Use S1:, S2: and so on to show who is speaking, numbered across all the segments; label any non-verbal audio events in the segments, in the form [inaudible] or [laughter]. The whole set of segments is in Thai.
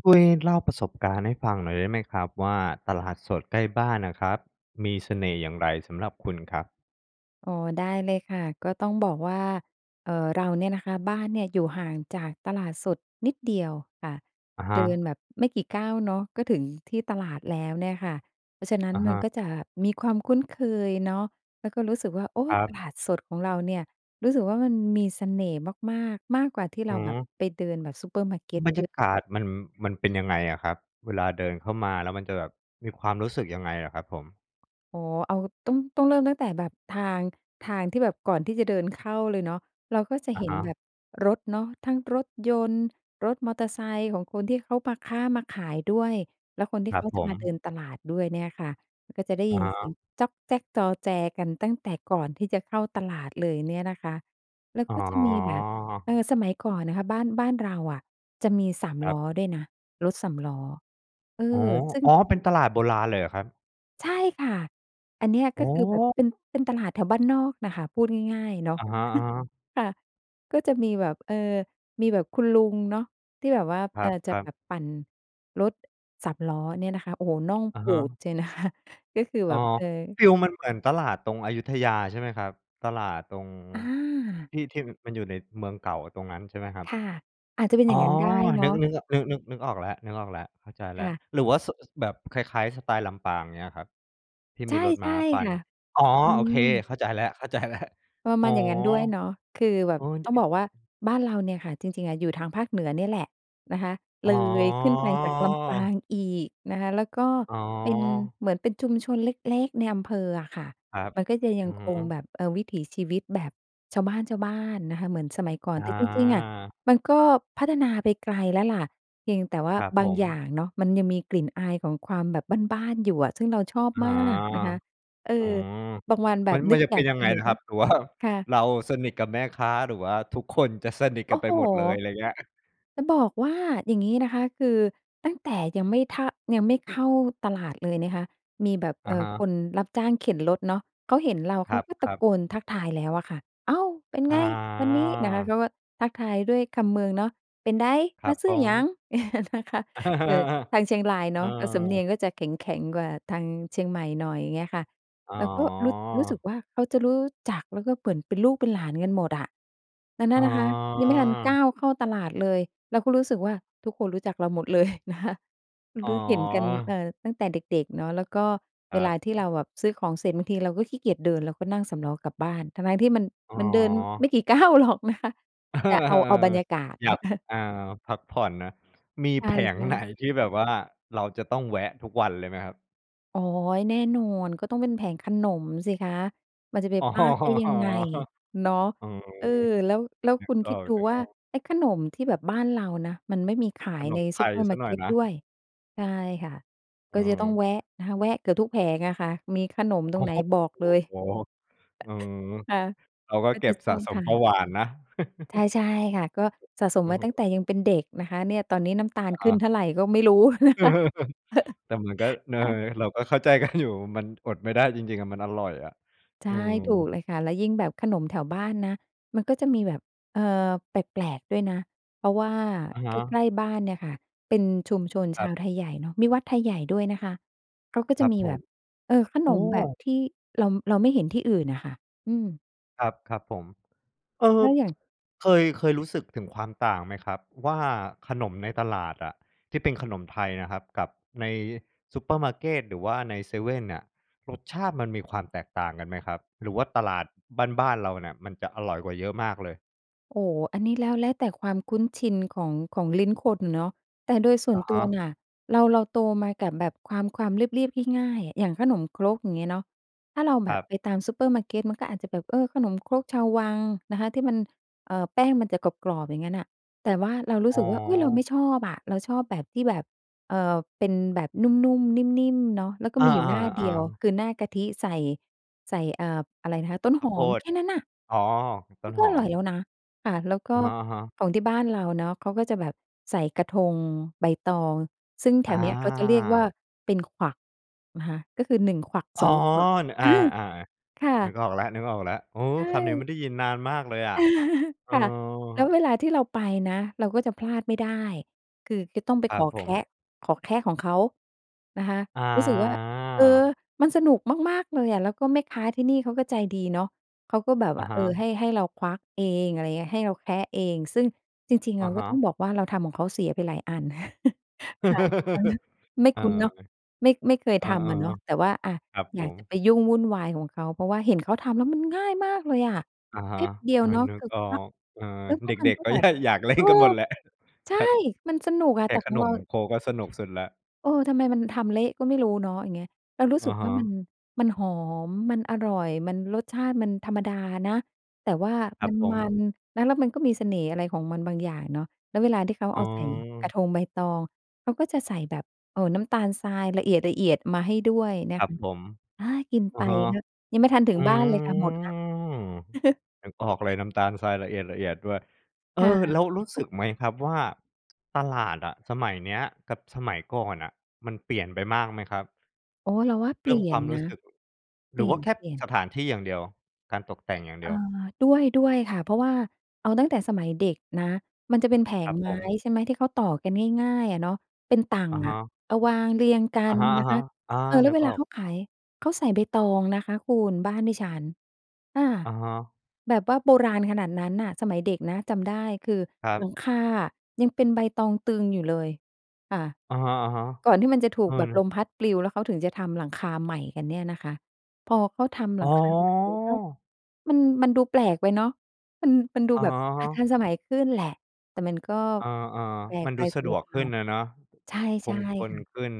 S1: ช่วยเล่าประสบการณ์ให้ฟังหน่อยได้ไหมครับว่า ตลาดสดใกล้บ้านน่ะครับ มีเสน่ห์อย่างไรสำหรับคุณครับ?
S2: อ๋อ ได้เลยค่ะ ก็ต้องบอกว่า เอ่อ เราเนี่ยนะคะ บ้านเนี่ยอยู่ห่างจากตลาดสดนิดเดียวค่ะ
S1: อะฮ
S2: เดิน
S1: ะ
S2: แบบไม่กี่ก้าวเนาะ ก็ถึงที่ตลาดแล้วเนี่ยค่ะ เพราะฉะนั้น
S1: อะฮ
S2: มัน
S1: ะ
S2: ก็จะมีความคุ้นเคยเนาะ แล้วก็รู้สึกว่า โอ้!
S1: ครั
S2: ต
S1: บ
S2: ลาดสดของเราเนี่ย รู้สึกว่ามันมีเสน่ห์มาก ๆ มากกว่าที่เราแบบ
S1: หือ
S2: ไปเดินแบบซูเปอร์มาร์เกต
S1: บรรย
S2: เยอ
S1: า
S2: ะ
S1: กาศมัน มันเป็นยังไงอะครับ? เวลาเดินเข้ามา แล้วมันจะแบบมีความรู้สึกยังไงเหรอครับผม?
S2: อ๋อ เอา ต้อง ต้องเริ่มตั้งแต่แบบทาง ทางที่แบบก่อนที่จะเดินเข้าเลยเนาะ เราก็จะ
S1: อะ
S2: เห็
S1: ฮ
S2: นแ
S1: ะ
S2: บบรถเนาะ ทั้งรถยนต์ รถมอเตอร์ไซค์ของคนที่เขามาค้ามาขายด้วย แล้วคนที
S1: ค
S2: ่
S1: รั
S2: เข
S1: บ
S2: า
S1: ผ
S2: จะมาเดิ
S1: ม
S2: นตลาดด้วยเนี่ยค่ะ ก็จะได้
S1: อ
S2: ย
S1: ะ
S2: ิน
S1: ฮ
S2: เสีย
S1: ะ
S2: งจ้อกแจ้กจอแจกันตั้งแต่ก่อนที่จะเข้าตลาดเลยเนี่ยนะคะ แล้ว
S1: อ๋
S2: ก็จะมีแบบ เออ
S1: อ
S2: สมัยก่อนนะคะ บ้าน บ้านเราอะจะมีสาม
S1: คร
S2: ล
S1: ั
S2: ้
S1: บ
S2: อด้วยนะ รถสามล้อ เออ
S1: อ๋อ
S2: ซึ่ง
S1: อ๋อ! เป็นตลาดโบราณเลยเหรอครับ?
S2: ใช่ค่ะ อันเนี้ย
S1: อ
S2: ก็
S1: ๋
S2: คือแบบ
S1: อ
S2: เป็น เป็นตลาดแถวบ้านนอกน่ะค่ะ พูดง่าย ๆ เนาะ
S1: อะฮะ
S2: [chuckles]
S1: ๆ
S2: ค่ะ ก็จะมีแบบ เออ มีแบบคุณลุงเนาะ ที่แบบว่า
S1: ค
S2: เออ จะ
S1: รั
S2: แ
S1: บ
S2: บ
S1: ๆ
S2: บปั่นรถ สามล้อเนี่ยนะคะ โอ้โฮ น่อง
S1: อะ
S2: ป
S1: ฮ
S2: ูด
S1: ะ
S2: เชียว นะคะ ก็คือ
S1: อ
S2: แ
S1: ๋
S2: บ
S1: อ
S2: บ เออ
S1: ฟีลมันเหมือนตลาดตรงอยุธยา ใช่ไหมครับ? ตลาดตรง
S2: อา
S1: ที่ ที่ ม มันอยู่ในเมืองเก่า ตรงนั้นใช่ไหมครับ?
S2: ค่ะ อาจจะเป็น
S1: อ
S2: อ
S1: ๋
S2: ย
S1: อ
S2: ่างงั้นได้เน
S1: นึ
S2: า
S1: ก
S2: ะ
S1: นึก อ นึก นึก นึกออกแล้ว นึกออกแล้ว เข้าใจแล
S2: ค
S1: ้ว
S2: ่ะ
S1: หรือว่าโซะ แบบคล้าย ๆ สไตล์ลำปาง เงี้ยครับ ที่
S2: ใช
S1: มี
S2: ่
S1: รถม้าปั
S2: ๆ ค
S1: น
S2: ่ะ
S1: อ๋อ
S2: อื
S1: โอเค
S2: อ
S1: เข้าใจแล้ว เข้าใจแล้ว
S2: ประ
S1: อ
S2: ม
S1: ๋อ
S2: าณอย่างงั้นด้วยเนาะ คือแบ
S1: เอ
S2: บ
S1: อ ได
S2: ต้
S1: ้
S2: องบอกว่า บ้านเราเนี่ยค่ะ จริง ๆ อะอยู่ทางภาคเหนือนี่แหละนะคะ
S1: อ๋
S2: เลยขึ้นไปจากลำปา
S1: อ
S2: งอีกนะคะ แล้วก็
S1: อ๋
S2: เป็น
S1: อ
S2: เหมือนเป็นชุมชนเล็ก ๆ ในอำเภออะค่ะ
S1: ครับ
S2: มันก็จะย
S1: อ
S2: ั
S1: ื
S2: ง
S1: อฮ
S2: คง
S1: ึ
S2: แบบ เออ วิถีชีวิตแบบชาวบ้าน ๆ นะคะ เหมือนสมัยก่อน
S1: อ
S2: แต่จริง ๆ อะ
S1: า
S2: มันก็พัฒนาไปไกลแล้วล่ะ เพียงแต่ว่า
S1: ครับ
S2: บ
S1: ผ
S2: าง
S1: ม
S2: อย่างเนาะ มันยังมีกลิ่นอายของความแบบบ้าน ๆ อยู่อะ ซึ่งเราชอบ
S1: อ๋อ
S2: มากนะคะ เออ
S1: อืม
S2: บางวันแบ
S1: มั
S2: บ
S1: น ม
S2: น
S1: ั
S2: ึ
S1: น
S2: ก
S1: จะ
S2: อ
S1: เ
S2: ย
S1: ป็
S2: า
S1: น
S2: ก
S1: ยัง
S2: ส
S1: ไง
S2: นุ
S1: น
S2: ก
S1: ะค
S2: ก็
S1: รับ? หรือว่า
S2: ค่ะ
S1: เราสนิทกับแม่ค้า หรือว่าทุกคนจะสนิท
S2: โ
S1: ก
S2: อ
S1: ัน
S2: ้
S1: ไป
S2: โฮ
S1: หมดเลย อะไรอย่างเงี้ย?
S2: จะบอกว่าอย่างงี้นะคะ คือตั้งแต่ยังไม่ทะ ยังไม่เข้าตลาดเลยนะคะ มีแบบ
S1: อ
S2: เอ
S1: ะ
S2: ่
S1: ฮ
S2: อ
S1: ะ
S2: คนรับจ้างเข็นรถเนาะ เขาเห็นเรา
S1: ค
S2: เข
S1: ร
S2: าก็ตะ
S1: ับ ๆ
S2: โกนทักทายแล้วอะค่ะ "อ้าว เป็น
S1: อ
S2: ไงวันนี้?" นะคะ เ
S1: า
S2: ขาก็ทักทายด้วยคำเมืองเนาะ "เป็นได?
S1: คร
S2: ม
S1: ั
S2: า
S1: บ
S2: ซื้
S1: อ๋
S2: อ
S1: อ
S2: หยัง?" [chuckles] นะคะ
S1: เออ
S2: เออ ทางเชียงรายเ
S1: เ
S2: น
S1: ออ
S2: าะ สำเนี
S1: ๆ เ
S2: ย
S1: ออ
S2: งก็จะแข็ง ๆ กว่าทางเชียงใหม่หน่อย อย่างเงี้ยค่ะ
S1: อ๋
S2: แล้วก็รู้ รู้สึ
S1: อ
S2: กว่า เขาจะรู้จัก แล้วก็เหมือนเป็นลูกเป็นหลานกันหมดอะ แล้วน
S1: อ
S2: ั่
S1: ๋
S2: นนะคะยังไม่ทันก้
S1: อ
S2: าวเข้าตลาดเลย เราก็รู้สึกว่า ทุกคนรู้จักเราหมดเลย นะคะ
S1: อ๋
S2: รู้เห็นกัน เอ
S1: อ
S2: ่อ ตั้งแต่เด็ก ๆ เนาะ แล้วก็
S1: ค
S2: เว
S1: รั
S2: ลาที่
S1: บ
S2: เราแบบซื้อของเสร็จ บางทีเราก็ขี้เกียจเดิน เราก็นั่งสามล้อกลับบ้าน ทั้ง ๆ ที่มัน
S1: อ๋อ
S2: มันเดินไม่กี่ก้าว หรอกนะคะ
S1: เออ
S2: แต่เอ
S1: เอ
S2: า เอา
S1: อ
S2: บรรยากาศ
S1: อยาก
S2: [chuckles]
S1: อ่า พักผ่อนนะ มี
S2: ใ
S1: แผง
S2: ช่
S1: ไหน
S2: ๆ
S1: ที่แบบว่า เราจะต้องแวะทุกวันเลยไหมครับ?
S2: อ๋อ แน่นอน ก็ต้องเป็นแผงขนมสิคะ มันจะไป
S1: อ๋อ
S2: พลาดได้ยังไงเนาะ
S1: เออ
S2: เออ แล้ว แล้ว
S1: นึ
S2: ค
S1: ก
S2: ุณค
S1: อ
S2: ิดดูว่า
S1: อก ๆ
S2: ไอ้ขนมที่แบบบ้านเรานะ มันไม่มีขา
S1: ข
S2: ย
S1: น
S2: ใน
S1: มไ
S2: ซ
S1: ท
S2: ูเป
S1: ย
S2: อร์
S1: ส
S2: มา
S1: ัก
S2: ร์
S1: ห
S2: เ
S1: น
S2: ก
S1: ่อย
S2: ต
S1: นะ
S2: ด้วย ใช่ค่ะ ก
S1: อ
S2: ็
S1: ือ
S2: จะ
S1: ฮึ
S2: ต้องแวะนะคะ แวะเกือบทุกแผงอะค่ะ มีขนมต
S1: โ
S2: ร
S1: อ้
S2: งไหน
S1: โฮ
S2: บอก
S1: อ
S2: เล
S1: ือ
S2: ย
S1: โอ้โฮ อือ
S2: [chuckles] ค่ะ
S1: เราก็
S2: ก็
S1: เก
S2: จ
S1: ็
S2: ะ
S1: บ
S2: ช
S1: ส
S2: อ
S1: ะ
S2: บ
S1: ส
S2: ท
S1: ม
S2: า
S1: เบา
S2: น
S1: หวานนะ
S2: ใช่ ๆ ค่ะ ก็ส
S1: [chuckles]
S2: ะสม
S1: อื
S2: ไว
S1: อ
S2: ้
S1: ฮึ
S2: ตั้งแต่ยังเป็นเด็กนะคะ เนี่ย ตอนนี้น้ำตา
S1: อ
S2: ล
S1: ะฮ
S2: ขึ้น
S1: ะ
S2: เท่าไรก็ไม่รู้ นะคะ [chuckles]
S1: [laughs] แต่มันก็ น เออ
S2: ค่ะ
S1: เราก็เข้าใจ กัน อยู่ มันอดไม่ได้จริง ๆ อะ มันอร่อยอะ
S2: ใช
S1: อื
S2: ่ ถู
S1: ม
S2: กเลยค่ะ แล้วยิ่งแบบขนมแถวบ้านนะ มันก็จะมีแบบ เอ่อ แปลก ๆ ด้วยนะ เพราะว่า
S1: อะฮ
S2: ใก
S1: ะ
S2: ล้ ๆ บ้านเนี่ยค่ะ เป็นชุมชน
S1: ค
S2: ช
S1: รั
S2: า
S1: บ
S2: วไทยใหญ่เนาะ มีวัดไทยใหญ่ด้วยนะคะ เขาก็
S1: ค
S2: จ
S1: ร
S2: ะ
S1: ับ
S2: มี
S1: ผ
S2: แบ
S1: ม
S2: บ เออ ข
S1: โ
S2: น
S1: อ้
S2: มแบบที่เรา เราไม่เห็นที่อื่นน่ะค่ะ อืม
S1: ครับ ครับผม เอ่
S2: ถ
S1: อ
S2: ้
S1: [tsk]
S2: าอย่าง
S1: เคย เคยรู้สึกถึงความต่างไหมครับ? ว่าขนมในตลาดอะที่เป็นขนมไทยนะครับกับในซูเปอร์มาร์เกต หรือว่าในเซเว่นเนี่ย รสชาติมันมีความแตกต่างกันไหมครับ? หรือว่าตลาดบ้าน ๆ เราเนี่ยมันจะอร่อยกว่าเยอะมากเลย?
S2: โอ้ อันนี้แล้ว แล้วแต่ความคุ้นชินของ ของลิ้นคนเนาะ แต่โดยส่
S1: อ
S2: วน
S1: ะฮ
S2: ตัว
S1: ะ
S2: น่ะ เรา เราโตมากับแบบความ ความเรียบ ๆ ง่าย ๆ อย่างขนมครก งี้เนาะ ถ้าเราแ
S1: ค
S2: บ
S1: รั
S2: บ
S1: บ
S2: ไปตามซูเปอร์มาร์เกตมันก็อาจจะแบบ เออ ขนมครกชาววังนะคะ ที่มัน เอ่อ แป้งมันจะกรอบ ๆ อย่างงั้นน่ะ แต่ว่าเรารู้
S1: อ๋
S2: สึ
S1: อ
S2: กว่า อุ๊ย เราไม่ชอบอะ เราชอบแบบที่แบบ เอ่อ เป็นแบบนุ่ม ๆ นิ่ม ๆ เนาะ แล้วก็
S1: อ
S2: มีอยู่หน้าเดี
S1: า
S2: ยว
S1: ๆ ๆ
S2: คือหน้ากะทิใส่ ใส่ เอ่อ อะไรนะคะ ต้น
S1: ข้
S2: ห
S1: าวโพ
S2: อม
S1: ด
S2: แค่นั้นน่ะ
S1: อ๋อ ต
S2: ม
S1: ้
S2: ั
S1: น
S2: นก็
S1: หอ
S2: อร่
S1: ม
S2: อยแล้วนะ ค่ะ แล้วก
S1: อ
S2: ็
S1: ะฮะ ๆ
S2: ของที่บ้านเราเนาะ เขาก็จะแบบใส่กระทงใบตอง ซึ่งแถ
S1: อา
S2: วเนี้ยเขาจะเรียกว่าเป็นขวักนะคะ ก็คือ 1 ขวัก
S1: อ๋
S2: ส
S1: อ
S2: อง ขวัก
S1: น อ
S2: อ
S1: า
S2: า ค่
S1: ๆ นึก
S2: ะ
S1: ออกแล้ว ๆ อื
S2: ใ
S1: อ
S2: ช
S1: คำนี้
S2: ่
S1: ไม่ได้ยินนานมากเลยอะ
S2: [chuckles]
S1: เออ
S2: ค่ะ แล้วเวลาที่เราไปนะเราก็จะพลาดไม่ได้ คือก็ต้องไป
S1: คร
S2: ข
S1: ับ
S2: อ
S1: ผ
S2: แค
S1: ม
S2: ะ ขอแคะของเขานะคะ
S1: อา
S2: รู้สึกว่า เออ มันสนุกมาก ๆ เลยอะ แล้วก็แม่ค้าที่นี่เขาก็ใจดีเนาะ เขาก็แบบ
S1: อ
S2: ว
S1: ะ
S2: ่า
S1: ฮ
S2: เออ
S1: ะ
S2: ให้ ให้เราควักเอง อะไรเงี้ย ให้เราแคะเอง ซึ่งจริง ๆ เ
S1: อ
S2: ร
S1: ะ
S2: า
S1: ฮ
S2: ก็
S1: ะ
S2: ต้องบอกว่าเราทำของเขาเสียไปหลายอัน [chuckles] ค่ะ
S1: [chuckles]
S2: ไม่
S1: เอ
S2: ค
S1: อ
S2: ุ้นเนาะ ไม่ ไม่เคย
S1: เอ
S2: ท
S1: อ
S2: ำอะเนาะ แต่ว่า อา
S1: ๆ ครับ
S2: อ
S1: ผ
S2: ยากจะ
S1: ม
S2: ไปยุ่งวุ่นวายของเขา เพราะว่าเห็นเขาทำแล้วมันง่ายมากเลยอะ
S1: อะฮ
S2: แป๊
S1: ะ
S2: บเดีย
S1: เอ
S2: ว
S1: อ
S2: เนาะ
S1: นึ
S2: ค
S1: ก
S2: ือ
S1: ออ
S2: ควัก
S1: ก เออ
S2: แล้ว
S1: เด
S2: มัน
S1: ็ก
S2: ก็
S1: ๆ ก็
S2: แบ
S1: ย
S2: บ
S1: อยากเล่
S2: เอ
S1: น
S2: อ
S1: กันหมดแหละ
S2: ใช
S1: ค
S2: ่ มันสนุกอะ
S1: แค
S2: แต
S1: ะ
S2: ่
S1: ข
S2: ของ
S1: น
S2: เรา
S1: มครกก็สนุกสุดแล้ว
S2: เออ ทำไมมันทำเละก็ไม่รู้เนาะ อย่างเงี้ย เรารู้
S1: อ
S2: สึ
S1: ะ
S2: ก
S1: ฮ
S2: ว่ามั
S1: ะ
S2: น มันหอม มันอร่อย มันรสชาติมันธรรมดานะ แต่ว่า
S1: ครับผ
S2: มั
S1: ม
S2: น ๆ นะ แล้วมันก็มีเสน่ห์อะไรของมันบางอย่างเนาะ แล้วเวลาที่เขา
S1: อ๋
S2: เอาใส่กร
S1: อ
S2: ะทงใบตอง เขาก็จะใส่แบบ เอ่อ น้ำตาลทรายละเอียด ๆ มาให้ด้วยนะ
S1: ครั
S2: ค
S1: บ
S2: ะ
S1: ผม
S2: อา กิน
S1: อ
S2: ไป
S1: ะฮะ
S2: นะ ยังไม่ทันถึ
S1: อ
S2: ง
S1: ื
S2: บ้านเลยค่ะ หมดแล้ว
S1: ม
S2: [chuckles]
S1: นึกออกเลยน้ำตาลทรายละเอียด ๆ ด้วย เอ
S2: ค่
S1: อ แล
S2: ะ
S1: ้วรู้สึกไหมครับว่า ตลาดอะสมัยเนี้ยกับสมัยก่อนอะ มันเปลี่ยนไปมากไหมครับ?
S2: โอ้ เราว่าเ
S1: เ
S2: ป
S1: รื
S2: ล
S1: ่อ
S2: ี
S1: ง
S2: ่
S1: ค
S2: ย
S1: วา
S2: น
S1: มรู
S2: นะ
S1: ้สึก
S2: เป
S1: หร
S2: ล
S1: ื
S2: ี
S1: อว่าแค่
S2: ่ยน
S1: ส
S2: ๆ
S1: ถานที่อย่างเดียว การตกแต่งอย่างเด
S2: อ
S1: ี
S2: ่า
S1: ยว
S2: ด้วย ด้วยค่ะ เพราะว่าเอาตั้งแต่สมัยเด็กนะ มันจะเป็นแผ
S1: คร
S2: ง
S1: ับ
S2: ไม
S1: ผ
S2: ้
S1: ม
S2: ใช่ไหม ที่เขาต่อกันง่าย ๆ อะเนาะ เป็นตั่ง
S1: อะฮ
S2: อะ
S1: ะ
S2: เอาวางเรียงกั
S1: อะ
S2: น
S1: ฮะ
S2: นะคะ
S1: ๆ อา
S2: เออ แล้
S1: นึ
S2: วเ
S1: ก
S2: ว
S1: อ
S2: ลา
S1: อก
S2: เขาขาย เขาใส่ใบตองนะคะคุณ บ้านดิฉัน ค่ะ
S1: อะฮะ
S2: แบบว่าโบราณขนาดนั้นน่ะ สมัยเด็กนะจำได้คือ
S1: ครับ
S2: หลังคาอะยังเป็นใบตองตึงอยู่เลยค่ะ
S1: อะฮะ
S2: ก่อนที่มันจะถ
S1: ๆ เ
S2: ู
S1: อ
S2: กแบบล
S1: อ
S2: มพัดปลิวแล้วเขาถึงจะทำหลังคาใหม่กันเนี่ยนะคะ พอเขาทำห
S1: อ
S2: ล
S1: ๋
S2: ังคาใหม่แล้ว
S1: อ
S2: มัน มันดูแปลกไปเนาะ มัน มันดู
S1: อะ
S2: แบบ
S1: ฮ
S2: อา
S1: ะ
S2: ทันส
S1: ๆ
S2: มัยขึ้นแหละ แต่มันก็
S1: อา
S2: แปล
S1: ๆ ม
S2: ก
S1: ัน
S2: ไ
S1: ด
S2: ป
S1: ูส
S2: ส
S1: ะ
S2: ำ
S1: ด
S2: หร
S1: ว
S2: ับ
S1: ก
S2: เ
S1: ข
S2: ร
S1: ึ
S2: า
S1: ้นอะเนาะ
S2: ใช
S1: ค
S2: ่
S1: งท
S2: ๆ
S1: น
S2: ค่ะ
S1: ขึ้น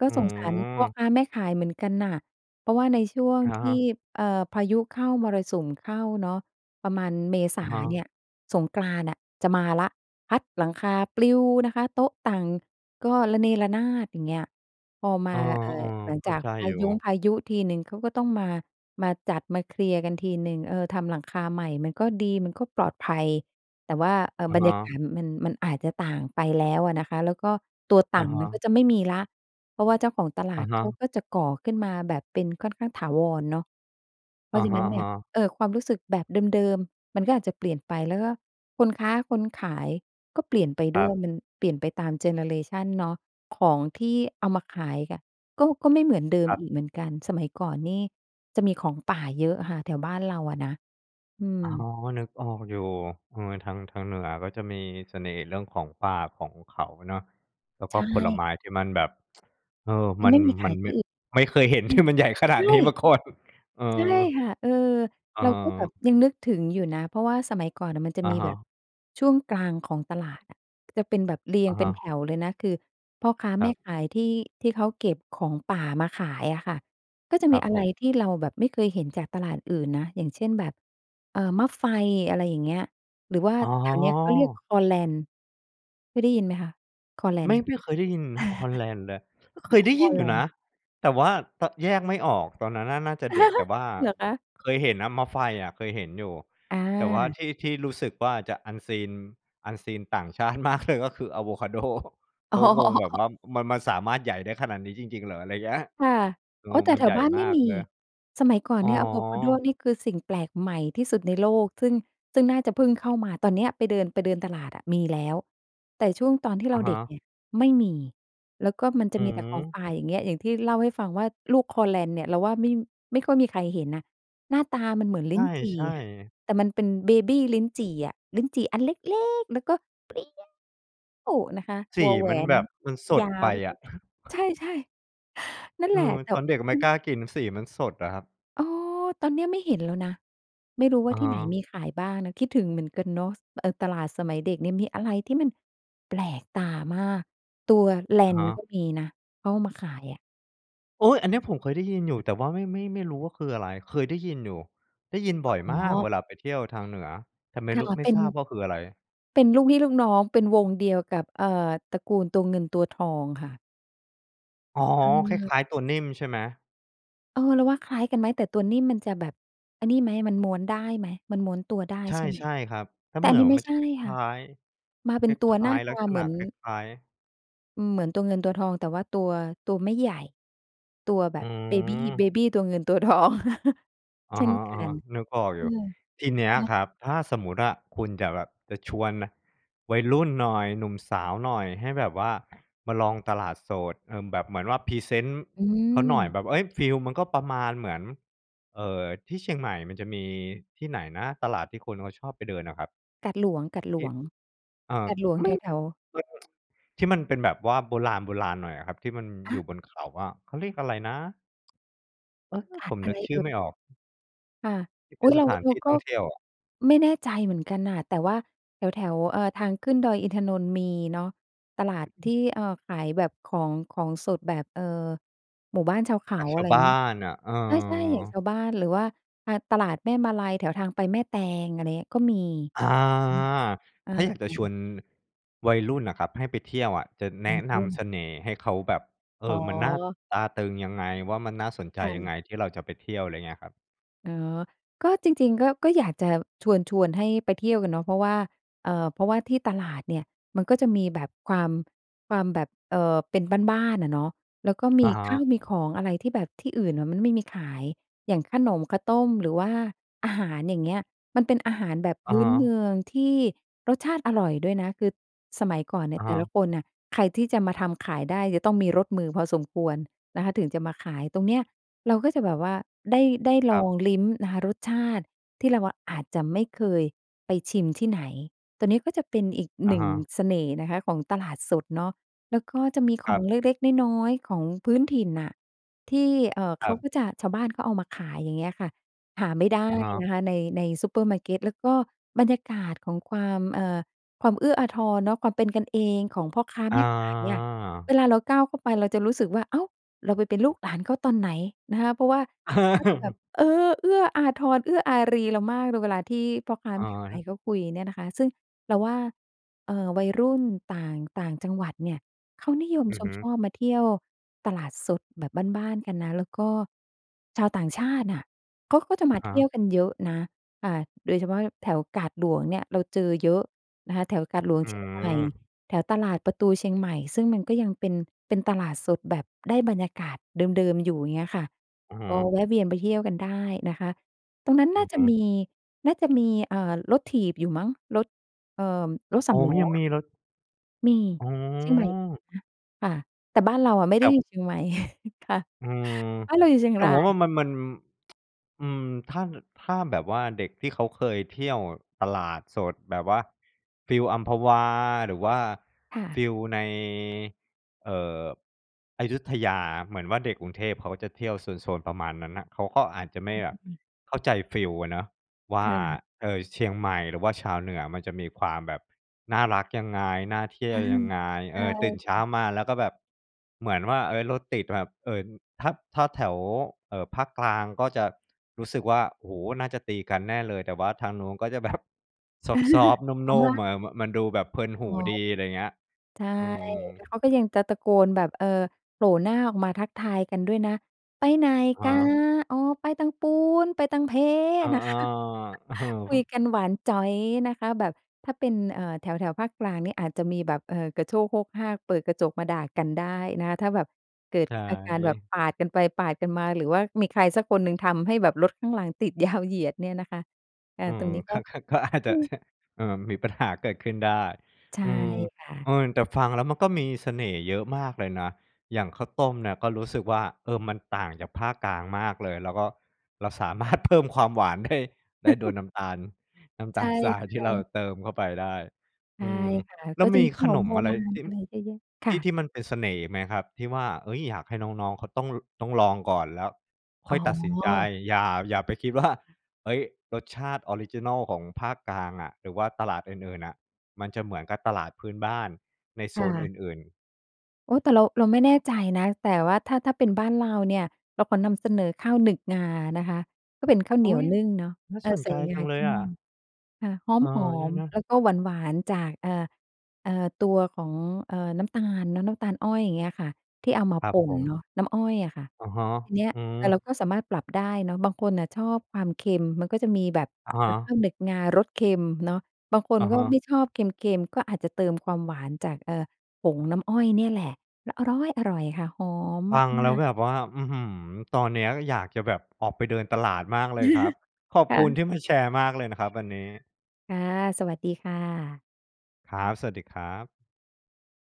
S2: ก็
S1: อื
S2: สงสารพ่อ
S1: ม
S2: ค้าแม่ขายเหมือนกันน่ะ เพราะว่าในช่วง
S1: อะ
S2: ท
S1: ฮะ
S2: ี่ เอ่อ พายุเข้า มรสุมเข้าเนาะ ประมาณเมษ
S1: อะ
S2: า
S1: ฮะ
S2: เนี่ยสงกรานต์น่ะจะมาละ พัดหลังคาปลิวนะคะ โต๊ะตั่งก็ระเนระนาด อย่างเงี้ย พอม
S1: เ
S2: า
S1: ออ
S2: เอ่อ หลัง
S1: ๆ เข้
S2: จ
S1: า
S2: าก
S1: ใจ
S2: พา
S1: อยู่
S2: ย้งพายุทีหนึ่ง เขาก็ต้องมา มาจัดมาเคลียร์กันทีหนึ่ง เออ ทำหลังคาใหม่มันก็ดี มันก็ปลอดภัย แต่ว่า เอ่อ
S1: อะ
S2: บร
S1: ฮ
S2: รยาก
S1: ะ
S2: าศมัน มันอาจจะต่างไปแล้วอะนะคะ แล้วก็ตัว
S1: อ
S2: ต
S1: ะ
S2: ั่ง
S1: ฮ
S2: มัน
S1: ะ
S2: ก็จะไม่มีแล้ว เพราะว่าเจ้าของตล
S1: อ
S2: า
S1: ะ
S2: ด
S1: ฮ
S2: เขา
S1: ะ
S2: ก็จะก่อขึ้นมาแบบเป็นค่อนข้างถาวรเนาะ เพร
S1: อ
S2: า
S1: ะ
S2: ะฉะ
S1: ฮ
S2: นั้นเนี่ย
S1: ะ ๆ
S2: เออ ความรู้สึกแบบเดิม ๆ มันก็อาจจะเปลี่ยนไป แล้วก็คนค้าคนขายก็เปลี่ยนไป
S1: ค
S2: ด
S1: ร
S2: ้
S1: ั
S2: วย
S1: บ
S2: มันเปลี่ยนไปตามเจเนอเรชันเนาะ ของที่เอามาขายอะ ก็ ก็ไม่เหมือนเดิม
S1: คร
S2: อ
S1: ับ
S2: ีกเหมือนกัน สมัยก่อนนี่จะมีของป่าเยอะค่ะ แถวบ้านเราอะนะ อื
S1: อ๋อ
S2: ม
S1: นึกออกอยู่ เออ ทาง ทางเหนือก็จะมีเสน่ห์เรื่องของป่าของเขาเนาะ แล้ว
S2: ใ
S1: ก
S2: ช
S1: ็
S2: ่
S1: ผลไม้
S2: ค่ะ
S1: ที่มันแบบ [tsk] เออ
S2: มั
S1: ม
S2: น
S1: ั
S2: ไ
S1: น
S2: ม่มีข
S1: มั
S2: า
S1: น
S2: ยท
S1: ไม
S2: ี
S1: ่
S2: ่อื่น
S1: ไม่เคยเห็น
S2: อื
S1: ที
S2: ม
S1: ่มันใหญ่ขน
S2: ใ
S1: า
S2: ช
S1: ด
S2: ่
S1: นี้มาก่อน เออ
S2: ใช่ค่ะ เออ เราก็แบบ
S1: เออ
S2: ยังนึกถึงอยู่นะ เพราะว่าสมัยก่อนน่ะมันจะ
S1: อะ
S2: มี
S1: ฮ
S2: แบบ
S1: ะ
S2: ช่วงกลางของตลาดอะ จะเป็นแบบเรีย
S1: อ
S2: ง
S1: ะ
S2: เป
S1: ฮ
S2: ็นแถ
S1: ะ
S2: วเลยนะ คือพ่อค้า
S1: ค
S2: แม
S1: รั
S2: ่
S1: บ
S2: ขายที่ ที่เขาเก็บของป่ามาขายอะค่ะ ก็จะ
S1: ค
S2: ม
S1: ร
S2: ี
S1: ับ
S2: อะ
S1: ผ
S2: ไร
S1: ม
S2: ที่เราแบบไม่เคยเห็นจากตลาดอื่นนะ อย่างเช่น แบบ เอ่อ มะไฟ อะไรอย่างเงี้ย หรือว่า
S1: อ๋อ
S2: แถวเนี้ยเขาเรียกคอแลน เคยได้ยินไหมคะ? คอแล
S1: ไม
S2: น
S1: ่ ไม่เคยได้ยินคอแลนเลย เคยไ
S2: [chuckles]
S1: ด้
S2: ค
S1: ย
S2: อ
S1: ินอ
S2: แ
S1: ย
S2: ล
S1: ู่นะ
S2: น
S1: แต่ว่าตะ แยกไม่ออก ตอนนั้นน่า น่าจะเด็ก แต่
S2: [chuckles]
S1: ว่า
S2: เหรอคะ?
S1: เคยเห็นนะมะไฟอะเคยเห็นอยู่ แต่ว่า
S2: อา
S1: ที่ ที่รู้สึกว่าจะ Unseen unseen ต่างชาติมากเลย ก็คืออาโวคาโด เข
S2: อ๋
S1: างงแบบ
S2: อ
S1: ว่ามัน มันสามารถใหญ่ได้ขนาดนี้จริง ๆ เหรอ? ไรเงี้ย
S2: ค่ะ
S1: เออ
S2: อ๋อ แต่
S1: มัน
S2: แถ
S1: ใหญ
S2: ว
S1: ่
S2: บ้าน
S1: ม
S2: ไม
S1: า
S2: ่
S1: ก
S2: มี
S1: เลย
S2: สมัยก่อน
S1: อ๋อ
S2: เนี่ยอาโวคาโดนี่คือสิ่งแปลกใหม่ที่สุดในโลก ซึ่ง ซึ่งน่าจะเพิ่งเข้ามา ตอนเนี้ยไปเดิน ไปเดินตลาดอะมีแล้ว แต่ช่วงตอนที่
S1: อ
S2: เรา
S1: ะฮ
S2: เด็กเ
S1: ะ
S2: นี่ยไม่มี แล้วก็มันจ
S1: อ
S2: ะ
S1: ื
S2: มีแต่ของ
S1: ม
S2: ป่า อย่างเงี้ย อย่างที่เล่าให้ฟังว่าลูกคอแลนเนี่ย เราว่าไม่ ไม่ค่อยมีใครเห็นนะ หน้าตามันเหมือน
S1: ใ
S2: ลิ้นจี่
S1: ช่
S2: ค่ะ
S1: ๆ
S2: แต่มันเป็นเบบีลิ้นจี่อะ ลิ้นจี่อันเล็ก ๆ แล้วก็เปรี้ยวนะคะ
S1: ส
S2: ว
S1: ี
S2: อแหว
S1: มันแ
S2: น
S1: บบมันส
S2: ย
S1: ด
S2: า
S1: ไป
S2: ว
S1: อะ
S2: ใ
S1: [chuckles]
S2: ช่ ๆ [inhales] นั่น
S1: อื
S2: แหละ
S1: ม
S2: แต่
S1: ตอนเด็กไ
S2: อ
S1: ม่
S2: ื
S1: ก
S2: ม
S1: ล้ากิน สีมันสดอะครับ
S2: อ้อ ตอนเนี้ยไม่เห็นแล้วนะ ไม่รู้ว
S1: อ
S2: ่า
S1: ะ
S2: ที
S1: ฮ
S2: ่ไหน
S1: ะ
S2: มีขายบ้างนะ คิดถึงเหมือนกันเนาะ เออ ตลาดสมัยเด็กเนี่ยมีอะไรที่มันแปลกตามาก ตัวแล
S1: อะ
S2: น
S1: ฮะ
S2: ก็มีนะ เขาเอามาขายอะ
S1: โอ๊ย! อัน
S2: มั
S1: น
S2: น
S1: ี้
S2: จ
S1: ผ
S2: ะ
S1: มเคยได้ยินอยู่ แต่ว่าไม่ ไม่ ไม่รู้ว่าคืออะไร? เคยได้ยินอยู่ ได้ยินบ
S2: อ
S1: ่อยม
S2: ๋
S1: ากเ
S2: อ
S1: วลาไปเที่ยวทางเหนือ แต่ไม่
S2: ค
S1: ร
S2: ่
S1: ู
S2: ะ
S1: ้ ไม่
S2: เป็
S1: ท
S2: น
S1: ราบว่าคืออะไร?
S2: เป็นลูกพี่ลูกน้อง เป็นวงเดียวกับ เอ่อ ตระกูลตัวเงินตัวทองค่ะ
S1: อ๋อ คล
S2: เออ
S1: ้าย ๆ ตัวนิ่มใช่ไหม?
S2: เออ เราว่าคล้ายกันไหม? แต่ตัวนิ่มมันจะแบบไอ้นี่ไหม มันม้วนได้ไหม? มันม้วนตัวได้
S1: ใ
S2: ใช่ไหม?
S1: ช่ ๆ ครับ แล้
S2: แ
S1: ว
S2: ต่
S1: เหม
S2: อั
S1: ื
S2: น
S1: อ
S2: น
S1: น
S2: ี้ไม่
S1: มัน
S2: ใช
S1: จะ
S2: ่
S1: ค
S2: ค่
S1: ล
S2: ะ
S1: ้าย
S2: มา
S1: ๆ
S2: เ
S1: ค
S2: ป็นตัว
S1: ล
S2: ห
S1: ้
S2: น้
S1: า
S2: า
S1: ย
S2: ต
S1: ๆ ลั
S2: า
S1: กษ
S2: เหม
S1: ณะ
S2: ือน
S1: คล้าย ๆ
S2: อือ เหมือนตัวเงินตัวทอง แต่ว่าตัว ตัวไม่ใหญ่ ตัวแบ
S1: อื
S2: บเบบี เ
S1: ม
S2: บบีตัวเงินตัว ทอง [chuckles]
S1: อ
S2: เช
S1: ะ
S2: ่
S1: ฮ
S2: นกั
S1: ะ
S2: น
S1: ๆ นึกออก
S2: เออ
S1: อยู่ ทีเนี้
S2: อ
S1: ย
S2: ะนะ
S1: ครับ ถ้าสมมติอะคุณจะแบบ จะชวน น วัยรุ่นหน่อย หนุ่มสาวหน่อย ให้แบบว่ามาลองตลาดสด เอ่อ แบบเหมือนว่าพรีเซนต์
S2: อ
S1: เขาหน่อย
S2: ืม
S1: แบบ เฮ้ย ฟีลมันก็ประมาณเหมือน เอ่อ ที่เชียงใหม่มันจะมีที่ไหนนะ? ตลาดที่คนเขาชอบไปเดินอะครับ?
S2: กาดหลวง กาดหล
S1: ที่
S2: วง
S1: เอ่อ
S2: กาดหลวง
S1: ไม
S2: แ
S1: ่
S2: ถว ๆ
S1: มัน [tsk] ที่มันเป็นแบบว่าโบราณ ๆ หน่อยอะครับ ที่มัน
S2: ฮ
S1: อยู่
S2: ะ
S1: บนเขาอะ เขาเรียกอะไรนะ? เออ
S2: กา
S1: ผ
S2: ด
S1: ม
S2: อะ
S1: นึ
S2: ไ
S1: ก
S2: ร
S1: ช
S2: เอ
S1: ื่อ
S2: ่ย?
S1: ไม่ออก
S2: ค่ะ
S1: ที่เ
S2: อ
S1: ป
S2: ุ
S1: ็
S2: ๊
S1: น
S2: ย
S1: ส
S2: เรา
S1: ถาน
S2: เร
S1: ท
S2: า
S1: ี่
S2: ก
S1: ท
S2: ็
S1: ่องเที่ยวอะ
S2: ไม่แน่ใจเหมือนกันน่ะ แต่ว่าแถว ๆ เอ่อ ทางขึ้นดอยอินทนนท์มีเนาะ ตลาดที่ เอ่อ ขายแบบของ ของสดแบบ เอ่อ หมู่บ้านชาวเข
S1: จ
S2: า
S1: ากช
S2: อะ
S1: า
S2: ไร
S1: วบ้า
S2: งี้
S1: นน่ะ เอ
S2: ใช่ ๆ อย่าง
S1: อ
S2: ชาวบ้าน หรือว่า อ่า ตลาดแม่มาลัย แถวทางไปแม่แตง อะไรเงี้ย ก็มี
S1: อา
S2: อือ เออ
S1: ถ้าอยากจะชวน วัยรุ่นน่ะครับให้ไปเที่ยวอะ จะแ
S2: ว
S1: น
S2: ัย
S1: ะน
S2: รุ่น
S1: ำเสน่ห์ให้เขาแบบ เอ
S2: อ๋อ
S1: อ มันน่าตราตรึงยังไง? ว่า มันน่าสนใจ
S2: ค่
S1: ยั
S2: ะ
S1: งไง? ที่เราจะไปเที่ยว ไรเงี้ยครับ
S2: อ๋อ ก็จริง ๆ ก็ ก็อยากจะชวน ชวนให้ไปเที่ยวกันเนาะ เพราะว่า เอ่อ เพราะว่าที่ตลาดเนี่ยมันก็จะมีแบบความ ความแบบ เอ่อ เป็นบ้าน ๆ อะเนาะ แล้วก็ม
S1: อ
S2: ี
S1: ะฮ
S2: ข
S1: ะ
S2: ้าวมีของอะไรที่แบบที่อื่นน่ะมันไม่มีขาย อย่างขนมข้าวต้มหรือว่าอาหาร อย่างเงี้ย มันเป็นอาหารแบบ
S1: อ
S2: พ
S1: ะ
S2: ื
S1: ฮ
S2: ้นเม
S1: ะ
S2: ืองที่รสชาติอร่อยด้วยนะ คือสมัยก่อนเนี
S1: อ
S2: ่
S1: ะ
S2: ยแ
S1: ฮ
S2: ต่
S1: ะ
S2: ละคนน่ะ ใครที่จะมาทำขายได้จะต้องมีรสมือพอสมควรนะคะถึงจะมาขาย ตรงเนี้ยเราก็จะแบบว่าได้ ได้
S1: ค
S2: ล
S1: รั
S2: อ
S1: บ
S2: งลิ้มนะคะรสชาติที่เราอะอาจจะไม่เคยไปชิมที่ไหน ตัวนี้ก็จะเป็นอีก
S1: อ
S2: ห
S1: ะ
S2: นึ่
S1: ฮ
S2: ง
S1: ะ
S2: เสน่ห์นะคะของตลาดสดเนาะ แล้ว ก็จะมีข
S1: คร
S2: อ
S1: ั
S2: ง
S1: บ
S2: เล็ก ๆ น้อย ๆ ของพื้นถิ่นน่ะ ที่ เอ่อ
S1: ค
S2: เข
S1: รั
S2: า
S1: บ
S2: ก็จะ ชาวบ้านเขาเอามาขาย อย่างเงี้ยค่ะ หาไม่ได้
S1: อะฮะ
S2: นะคะใน ในซูเปอร์มาร์เกต แล้วก็บรรยากาศของความ เอ่อ ความเอื้ออาทรเนาะ ความเป็นกันเองของพ่อค้า
S1: อ
S2: แม่ขายอะ เว
S1: า
S2: ลาเราก้าวเข้าไปเราจะรู้สึกว่า อ้าว เราไปเป็นลูกหลานเขาตอนไหนนะคะ เพราะว่าเขาจะแบบ
S1: [chuckles]
S2: เออ เอื้ออาทร เอื้ออารีเรามากเลยเวลาที่พ่อค้า
S1: อะ
S2: แม่ขา
S1: ฮ
S2: ย
S1: ะ
S2: เขาคุยเนี่ยนะคะ ซึ่งเราว่า เอ่อ วัยรุ่นต่าง ต่างจังหวัดเนี่ยเขานิยม
S1: อือ
S2: ช
S1: ฮ
S2: ม
S1: ึ
S2: ชอบมาเที่ยวตลาดสดแบบบ้าน ๆ กันนะ แล้วก็ชาวต่างชาติน่ะเขาก็จะ
S1: อ
S2: มา
S1: ะฮ
S2: เที่
S1: ะ
S2: ยวกันเยอะนะ ค่ะ โดยเฉพาะแถวกาดหลวงเนี่ยเราเจอเยอะนะคะ แถวกาดหลวง
S1: อื
S2: เชียงใหม่
S1: ม
S2: แถวตลาดประตูเชียงใหม่ ซึ่งมันก็ยังเป็น เป็นตลาดสดแบบได้บรรยากาศเดิม ๆ อยู่ เงี้ยค่ะ
S1: อือฮ
S2: ออ
S1: ึ
S2: แวะเวียนไปเที่ยวกันได้นะคะ ตรงนั้น
S1: อ
S2: น
S1: ื
S2: ่
S1: อ
S2: า
S1: ฮ
S2: จะม
S1: ึ
S2: ี น่าจะ มี เอ่อ รถถีบอยู่มั้ง รถ เอ่อ รถส
S1: อ๋
S2: า
S1: อ
S2: มล้อ
S1: ยัง
S2: อ
S1: ม
S2: ะ
S1: ีรถ
S2: มี
S1: อ๋
S2: เชียงใหม่
S1: อ
S2: ฮะ ค่ะ แต่บ้านเราอะไม่
S1: แต
S2: ได้
S1: ่
S2: อยู่เชียงใหม่ [chuckles] ค่ะ
S1: อืม
S2: บ้านเราอยู่เชียง
S1: แต่
S2: รา
S1: ว่า ว่
S2: ย
S1: ามัน มัน [tsk] อืม ถ้า น ถ้าแบบว่าเด็กที่เขาเคยเที่ยวตลาดสดแบบว่า ฟีลอัมพวา หรือว่า
S2: ค่
S1: ฟ
S2: ะ
S1: ีลใน เอ่อ อยุธยา เหมือนว่า เด็กกรุงเทพเขาจะเที่ยวโซน ๆ ประมาณนั้นน่ะ เขาก็อาจจะไม่แบ
S2: อ
S1: บ
S2: ืม
S1: เข้าใจฟีลอะเนาะว่
S2: ค
S1: า
S2: ่ะ
S1: เอ่อ เชียงใหม่หรือว่าชาวเหนือมันจะมีความแบบน่ารักยังไง น่าเที่ยวยัง
S2: [chuckles]
S1: ไง
S2: ใ
S1: เ
S2: ช
S1: อ
S2: ่
S1: อ ตื่นเ
S2: ค
S1: ช
S2: ่
S1: ้า
S2: ะ
S1: มาแล้วก็แบบเหมือนว่า เฮ้ย รถติด แบบ เอิ่น ถ้า ถ้าแถว เอ่อ ภาคกลางก็จะรู้สึกว่า โอ้โฮ น่าจะตีกันแน่เลย แต่ว่าทางนู้นก็จะแบบซอฟต
S2: [chuckles]
S1: ์ ๆ
S2: เอ
S1: น
S2: า
S1: ุ
S2: ม
S1: ่
S2: า
S1: ม ๆ อ่า มันดูแบบเพลินหูดี อะไรเงี้ย
S2: ใช่
S1: อืม
S2: แล้วเขาก็ยังตะ ตะโกนแบบ เอ่อ โผล่หน้าออกมาทักทายกันด้วยนะ "ไปไหน
S1: อะฮ
S2: ก๋า?
S1: ะ
S2: อ๋อ ไปตางปู๊น ไปตางเพ้"
S1: อา
S2: น่ะ ค่ะ [chuckles]
S1: ๆ
S2: คุย
S1: [chuckles]
S2: กันหวานจ๋อยนะคะแบบถ้าเป็น เอ่อ แถว ๆ ภาคกลางเนี่ยอาจจะมีแบบ เอ่อ กระโชกโฮกฮาก เปิดกระจกมาด่ากันได้นะ ถ้าแบบเกิด
S1: ใช
S2: อาการแบบ
S1: ่
S2: ปาดกันไป ปาดกันมา หรือว่ามีใครสักคนหนึ่งทำให้แบบรถข้างหลังติดยาวเหยียดเนี่ยนะคะ อา
S1: อื
S2: ตร
S1: ม
S2: งนี้ก
S1: ค
S2: ็
S1: ัก คัก ก็อาจจ
S2: อื
S1: ะ เ
S2: ม
S1: นี่ย เออ มีปัญหาเกิดขึ้นได้
S2: ใช่
S1: อืม
S2: ค่ะ
S1: เออ แต่ฟังแล้วมันก็มีเสน่ห์เยอะมากเลยนะ อย่างข้าวต้มเนี่ยก็รู้สึกว่า เออ มันต่างจากภาคกลางมากเลย แล้วก็เราสามารถ เพิ่ม ความหวาน ได้ ได้โดย
S2: [chuckles]
S1: น้ำตาล น้ำ
S2: ใ
S1: ต
S2: ช
S1: า
S2: ่
S1: ลทราย ที่เรา
S2: ๆ
S1: เติมเข้าไปได้
S2: ใช
S1: อ
S2: ่
S1: ืม
S2: ค่ะ
S1: แล
S2: ก
S1: ้
S2: ็
S1: ว
S2: จะ
S1: มี
S2: มีข
S1: ข
S2: น
S1: น
S2: ม
S1: ม
S2: โบ
S1: อะไร
S2: ราณ
S1: ที่
S2: อะไรเยอะแยะค
S1: ท
S2: ่
S1: ี่
S2: ะ
S1: ที่มันเป็นเสน่ห์อีกไหมครับ? ที่ว่า เฮ้ย อยากให้น้อง ๆ เขาต้อง ล ต้องลองก่อนแล้วค่
S2: อ๋
S1: อยตัดสินใจ
S2: อ
S1: อย่า อย่าไปคิดว่า เฮ้ย รสชาติออริจินัลของภาคกลางอะ หรือว่าตลาดอื่น ๆ น่ะ มันจะเหมือนกับตลาดพื้นบ้านในโซ
S2: ค่
S1: น
S2: ะ
S1: อื่น ๆ
S2: โอ้ แต่เรา เราไม่แน่ใจนะ แต่ว่าถ้า ถ้าเป็นบ้านเราเนี่ย เราขอนำเสนอข้าวหนึกงานะคะ ก็เป็นข้าวเ
S1: อ
S2: หนี
S1: ุ
S2: ย
S1: ๊
S2: ว
S1: ย!
S2: นึ่งเนาะ
S1: น่า
S2: เอ
S1: ส
S2: อ
S1: น
S2: ใส
S1: ใจ
S2: ่ง
S1: จั
S2: า
S1: งเล
S2: ข
S1: ย
S2: ี้
S1: อ
S2: ม่อน
S1: ะ
S2: ค่ะ ห๊อ
S1: เอ
S2: ม
S1: อ
S2: หอ
S1: เนี่ย
S2: ม
S1: นะ
S2: แล้วก็หวาน ๆ จาก เอ่อ เอ่อ ตัวของ เอ่อ น้ำตาลเนาะ น้ำตาลอ้อย อย่างเงี้ยค่ะ ที่เอามา
S1: ครั
S2: ป
S1: บ
S2: ่
S1: ผ
S2: นเน
S1: ม
S2: าะ น้ำอ้อยอะค่ะ
S1: อะฮะ
S2: ที่เนี้ย
S1: อื
S2: แต่เ
S1: ม
S2: ราก็สามารถปรับได้เนาะ บางคนน่ะชอบความเค็ม มันก็จะมีแบบ
S1: อะฮ
S2: เอ่อ ข้
S1: ะ
S2: าวหนึกงารสเค็มเนาะ บางคน
S1: อะ
S2: ก็
S1: ฮ
S2: ไ
S1: ะ
S2: ม่ชอบเค็ม ๆ ก็อาจจะเติมความหวานจาก เอ่อ ผงน้ำอ้อยเนี่ยแหละ แล้วอร๊อยอร่อยค่ะ หอม
S1: ฟ
S2: มา
S1: ังแล้ว
S2: ก ๆ
S1: แบบว่า อื้อฮือ ตอนเนี้ยอยากจะแบบออกไปเดินตลาดมากเลยครับ
S2: [chuckles]
S1: ขอบ
S2: ค
S1: ค
S2: ่
S1: ุณ
S2: ะ
S1: ที่มาแชร์มากเลยนะครับ วันนี้
S2: ค่ะ สวัสดีค่ะ
S1: ครับ สวัสดีครับ